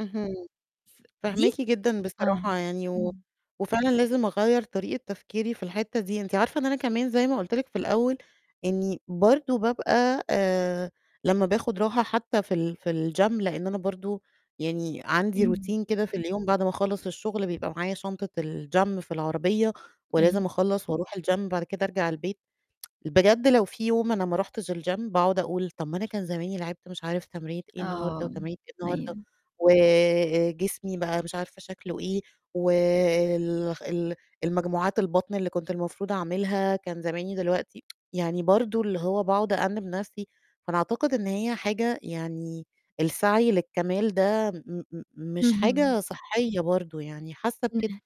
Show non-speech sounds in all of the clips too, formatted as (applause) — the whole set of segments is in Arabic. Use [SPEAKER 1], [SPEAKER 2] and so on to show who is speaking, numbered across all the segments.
[SPEAKER 1] اهم.
[SPEAKER 2] ف دي
[SPEAKER 1] فاهماكِ جدًا
[SPEAKER 2] آه.
[SPEAKER 1] بصراحة يعني و
[SPEAKER 2] إمم.
[SPEAKER 1] وفعلًا لازم أغيَّر طريقة تفكيري في الحتّة دي. أنتِ عارفة إن أنا كمان زَي ما قُلت لِك في الأول إني برضو بابقى آآ، لمّا باخد راحة حتى في ال في الgym لأن أنا برضو يعني عندي
[SPEAKER 2] إمم.
[SPEAKER 1] routine كده في اليوم بعد ما أخلَّص الشغل بيبقى معايا شنطة الgym في العربية
[SPEAKER 2] أيوه.
[SPEAKER 1] ولازم أخلَّص وأرُوح الgym بعد كده أرجَع البيت. (tsk) بجد لو فيه يوم أنا ما رُحتش الgym باقعد أقول طَب أنا كان زماني لعبت مش عارف تمرينة إيه النهارده
[SPEAKER 2] آه،
[SPEAKER 1] وتمرينة إيه النهارده،
[SPEAKER 2] أيوه.
[SPEAKER 1] وجسمي بقى مش عارفة شكله إيه وال ال المجموعات البطن اللي كنت المفروض أعملها كان زماني دلوقتي (tsk) يعني برضو اللي هو باقعد أأنِب نَفْسي، فأنا أعتقد إن هي حاجة يعني السعي للكمال ده م م مش
[SPEAKER 2] اهم.
[SPEAKER 1] حاجة صحّية برضو يعني حاسة كده.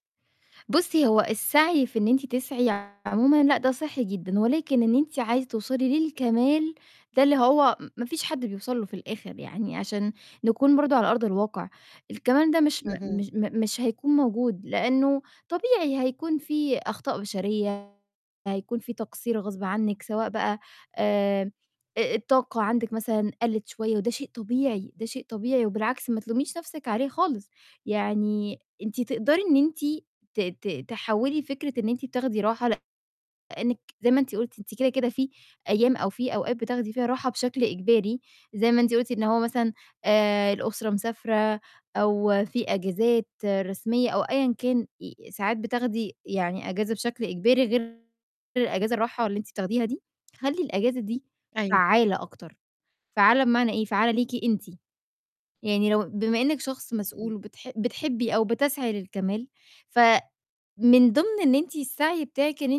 [SPEAKER 2] بُصي، هو السعي في إن أنتِ تسعي عمومًا لأ ده صحّي جدًا، ولكن إن أنتِ عايزة توصلي للكمال ده اللي هو ما فيش حد بيوصَل له في الآخر يعني عشان نكون برضو على أرض الواقع، الكمال ده مش م
[SPEAKER 1] اهم.
[SPEAKER 2] مش م مش هيكون موجود لأنه طبيعي هيكون فيه أخطاء بشرية، هيكون فيه تقصير غصب عنِّك سواء بقى آآ، أ الطاقة عندِك مثلًا قَلِّت شوية وده شيء طبيعي، ده شيء طبيعي، وبالعكس ما تلوميش نَفْسِك عليه خالص، يعني أنتِ تقدَري إن أنتِ ت ت تحوِّلي فكرة إن أنتِ بتاخدي راحة لإنِّك زَي ما أنتِ قُلتِ أنتِ كده، كده، فيه أيام أو فيه أوقات بتاخدي فيها راحة بشكل إجباري، زَي ما أنتِ قُلتِ إن هو مثلًا آآ، الأسرة مسافرة أو فيه أجازات رسمية أو أيًّا كان ي ساعات بتاخدي يعني أجازة بشكل إجباري غير الأجازة الراحة اللي أنتِ بتاخديها دي، خلّي الأجازة دي
[SPEAKER 1] أيوه.
[SPEAKER 2] فعّالة أكتر، فعّالة بمعنى إيه؟ فعّالة ليكِ أنتِ، يعني لو بما إنِّك شخص
[SPEAKER 1] إمم.
[SPEAKER 2] مسؤول وبتح بتحبي أو بتسعي للكمال فمن ضِمْن إن أنتِ السعي بتاعِك إن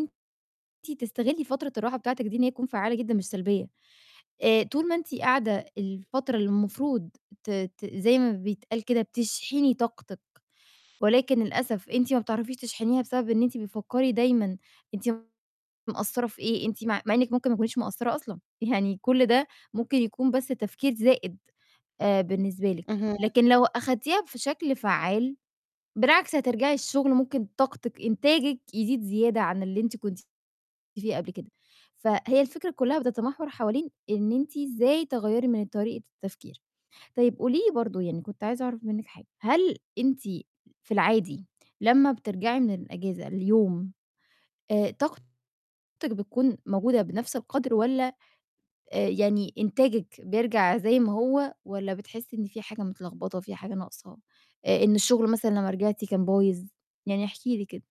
[SPEAKER 2] أنتِ تستغلي فترة الراحة بتاعتِك دي إن هي تكون فعّالة جدًا مش سلبية، آآ، طول ما أنتِ قاعدة الفترة اللي المفروض ت ت زَي ما بيتقال كده بتشحني طاقتِك، ولكن للأسف أنتِ ما بتعرَفيش تشحنيها بسبب إن أنتِ بتفكري دايمًا أنتِ مقصرة في إيه أنتِ م مع إنِّك ممكن ما تكونيش مقصرة أصلًا، يعني كل ده ممكن يكون بس تفكير زائد، آآ، بالنسبة لِك،
[SPEAKER 1] اهم.
[SPEAKER 2] لكن لو أخدتيها في شكل فعّال بالعكس هترجعي الشغل ممكن طاقتِك إنتاجِك يزيد زيادة عن اللي أنتِ كنتِ فيه قبل كده. فهي الفكرة كلها بتتمحور حوالين إن أنتِ إزاي تغيَّري من طريقة التفكير. طيب قولي لي برضو يعني كنت عايزة أعرَف منِّك حاجة، هل أنتِ في العادي لمّا بترجَعي من الأجازة اليوم آآ، طاقتِك بتكون موجودة بنَفْس القدْر والّا، آآ، يعني إنتاجِك بيرجّع زي ما هو والّا بتحسي إن فيه حاجة متلخبطة، فيه حاجة ناقصة، إ إن الشغل مثلًا لمّا رجعتِ كان بايظ؟ يعني احكي لي كده.